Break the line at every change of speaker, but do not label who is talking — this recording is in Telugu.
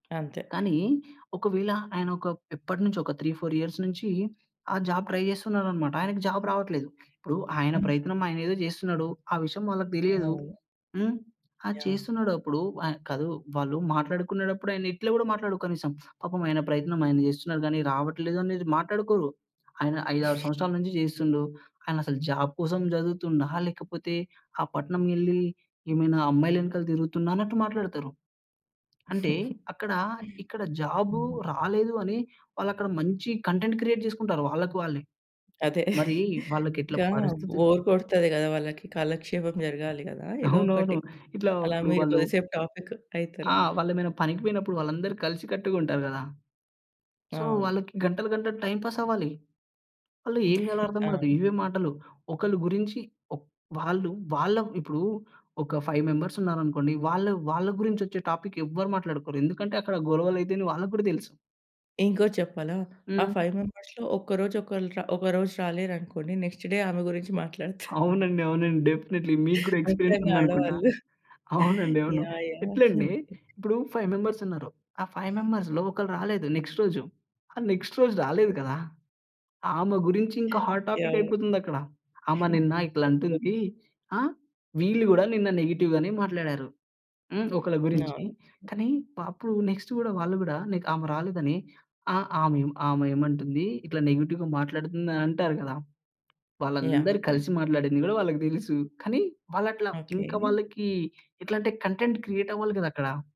అంతే.
కానీ, ఒకవేళ ఆయనొక ఎప్పటి నుంచొ ఒక 3, 4 ఇయర్స్ నుంచి ఆ జాబ్ ట్రై జేస్తున్నాడన్నమాట. ఆయనకి జాబ్ రావట్లేదు. ఇప్పుడు ఆయన
హ్మ్.
ప్రయత్నం ఆయనేదో జేస్తున్నాడు, ఆ విషయం వాళ్ళకి దెలియదు.
అవును.
హ్మ్, అది
యాహ్!
చేస్తున్నాడప్పుడు ఆ కాదు వాళ్ళు మాట్లాడుకునేడప్పుడు ఆయన ఇట్లా గూడా మాట్లాడడు కనీసం. పాపం ఆయన ప్రయత్నం ఆయన జేస్తున్నారు గానీ రావట్లేదనేది మాట్లాడుకోరు. ఆయన 5, 6 సంవత్సరాల నుంచి జేస్తుండు. ఆయన అసలు జాబ్ కోసం జదువుతుండా? లేకపోతే ఆ పట్నం వెళ్లి ఏమైనా అమ్మాయిలెనకాల తిరుగుతుండా? అన్నట్టు మాట్లాడుతరు. అంటే అక్కడ ఇక్కడ జాబు
హ్మ్.
రాలేదు అని వాళ్ళక్కడ మంచి కంటెంట్ క్రియేట్ జేసుకుంటారు వాళ్ళకి వాళ్ళే.
అదే,
మరి వాళ్ళకి ఎట్లా
ఇంకా
పరిస్థితి
బోర్ కొడతది గదా వాళ్ళకి కాలక్షేపం జరగాలి గదా! ఏదో
అవునవును.
ఒకటి
ఇట్లా
అలా
ఇప్పుడు
మీరు
వాళ్ళు
కొద్దిసేపు టాపిక్ అయితరు.
ఆ! వాళ్ళేమైనా పనికి పోయినప్పుడు వాళ్ళందరూ కలిసికట్టుగా ఉంటారు గదా! సో,
అవును.
వాళ్ళకి గంటలు గంటలు టైమ్ పాస్ అవ్వాలి. వాళ్ళు ఏం జేయాలో అర్థం గాదు.
అవును.
ఇవే మాటలు ఒకరి గురించి ఓ వాళ్ళు వాళ్ళ ఇప్పుడు ఒక 5 మెంబర్స్ ఉన్నారనుకోండి, వాళ్ళు వాళ్ళగురించి ఒచ్చే టాపిక్ ఎవరు మాట్లాడుకోరు. ఎందుకంటే అక్కడ గొడవలు అయితాయని వాళ్ళకి గూడా దెలుసు.
ఇంకోటి చెప్పాలా, ఆ
హ్మ్.
5 మెంబర్స్‌‌లో ఒక్కరోజు ఒకలు ఒకరోజు రాలేరనుకోండి నెక్స్ట్ డే ఆమె గురించి మాట్లాడతారు.
అవునండి, అవునండి, డెఫినైట్‌లి మీకు గూడా ఎక్స్‌పీరియన్స్
ముఖ్యంగా
ఉందనుకుంటా.
ఆడవాళ్ళు.
అవునండి. అవును,
యాహ్! యాహ్!
ఎట్లంటే ఇప్పుడు 5 మెంబర్స్ ఉన్నారు, ఆ 5 మెంబర్స్‌లో ఒకరు రాలేదు నెక్స్ట్ రోజు. ఆ నెక్స్ట్ రోజు రాలేదు కదా! ఆమె గురించి ఇంకా హాట్ టాపిక్
యాహ్!
అయిపోతుందక్కడ. ఆమె నిన్న ఇట్లా అంటుంది. ఆహ్, వీళ్ళు గూడా నిన్న నెగెటివ్ గానే మాట్లాడారు, హ్మ్. ఒకళ్ళ గురించి.
అవును.
కానీ అప్పుడు నెక్స్ట్ గూడా వాళ్ళు గూడా నీకు ఆమె రాలేదని ఆ ఆమె ఆమె ఏమంటుంది? ఇట్లా నెగెటివ్‌గా మాట్లాడుతుందని అంటారు గదా!
యాహ్!
వాళ్ళందరూ
యాహ్!
కలిసి మాట్లాడింది గూడా వాళ్ళకి దెలుసు. కానీ వాళ్ళట్లా
ఓకే.
ఇంకా వాళ్ళకి ఎట్లంటే, కంటెంట్ క్రియేటవ్వాలి గదా అక్కడ!